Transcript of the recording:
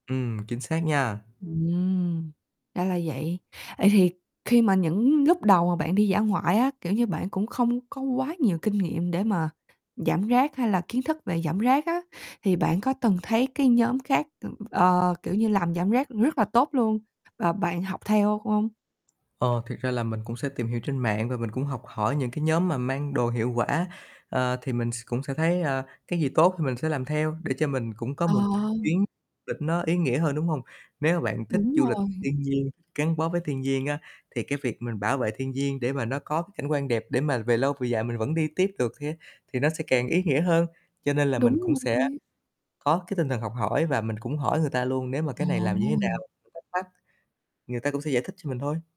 Ừm, chính xác nha. Ừm, ra là vậy. Vậy thì khi mà những lúc đầu mà bạn đi dã ngoại á, kiểu như, bạn cũng không có quá nhiều kinh nghiệm để mà giảm rác hay là kiến thức về giảm rác á, thì bạn có từng thấy cái nhóm khác, ừm, ờ, kiểu như, làm giảm rác rất là tốt luôn và bạn học theo không? Ờ, thiệt ra là mình cũng sẽ tìm hiểu trên mạng và mình cũng học hỏi những cái nhóm mà mang đồ hiệu quả, ờ, thì mình s cũng sẽ thấy, a, cái gì tốt thì mình sẽ làm theo để cho mình cũng có Ờ. một [unintelligible] chuyến lịch nó ý nghĩa hơn, đúng hông? Nếu mà bạn thích Đúng du lịch rồi. thiên nhiên, gắn bó với thiên nhiên á, thì cái việc mình bảo vệ thiên nhiên để mà nó có cảnh quan đẹp để mà về lâu về dài mình vẫn đi tiếp được thê thì nó sẽ càng ý nghĩa hơn. Cho nên là mình Đúng cũng sẽ rồi. có cái tinh thần học hỏi và mình cũng hỏi người ta luôn nếu mà cái này làm như thế nào, Ờ. [unintelligible] thắc mắc, người ta cũng sẽ giải thích cho mình thôi.